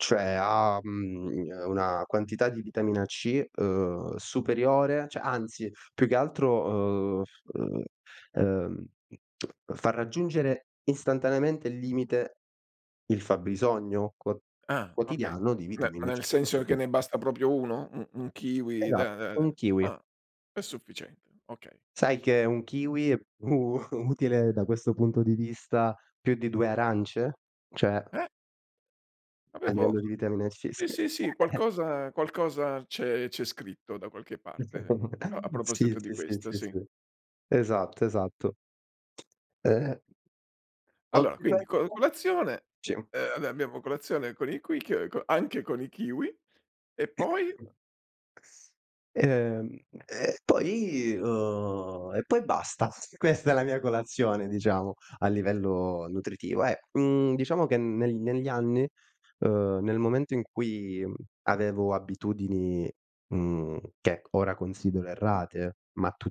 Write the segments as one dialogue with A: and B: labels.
A: Cioè ha, mhmm, uhm, una quantità di vitamina C, uhm, superiore, cioè anzi più che altro, uhm, f uhm, ehm, mhmm, fa raggiungere istantaneamente il limite il fabbisogno quo
B: Ah, okay.
A: quotidiano di
B: Beh, ma
A: vitamina
B: nel
A: C.
B: senso che
A: [unintelligible]
B: ne basta proprio 1? U un kiwi,
A: Esatto,
B: da da
A: 1
B: da
A: kiwi.
B: ah, è sufficiente, okay.
A: Sai che 1 kiwi è u utile da questo punto di vista più di 2 arance? Cioè
B: Eh?
A: a
B: Avevo
A: livello di vitamina C,
B: sì,
A: sì.
B: sì, sì, qualcosa qualcosa c'è c'è scritto da qualche parte, a a
A: Sì,
B: proposito di
A: sì sì,
B: questo,
A: sì
B: sì.
A: sì. Esatto, esatto. Eh.
B: Allora quindi co
A: [unintelligible]
B: colazione,
A: Sì.
B: ehm, va beh, abbiamo colazione con i quic co anche con i kiwi e poi?
A: Ehm, e poi uhm e poi basta. Questa è la mia colazione diciamo a livello nutritivo, eh. Mhmm, diciamo che neg negli anni, uhm, nel momento in cui avevo abitudini, mhmm, che ora considero errate,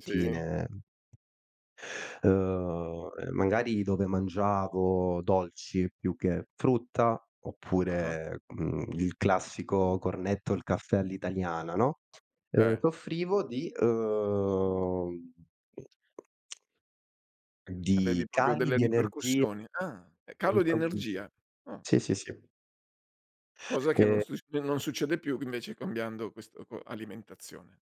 B: Sì.
A: uhm ehm, magari dove mangiavo dolci più che frutta
B: Ah-ah.
A: oppure, mhmm, il classico cornetto, il caffè all'italiana, no,
B: Eh.
A: soffrivo di uhm di
B: Avevi proprio
A: cali
B: delle
A: di energia.
B: ripercussioni? Ah, calo di
A: [unintelligible]
B: energia. Ah.
A: Sì, sì, sì.
B: Cosa che non
A: Eh
B: succe non succede più invece cambiando questo quo alimentazione.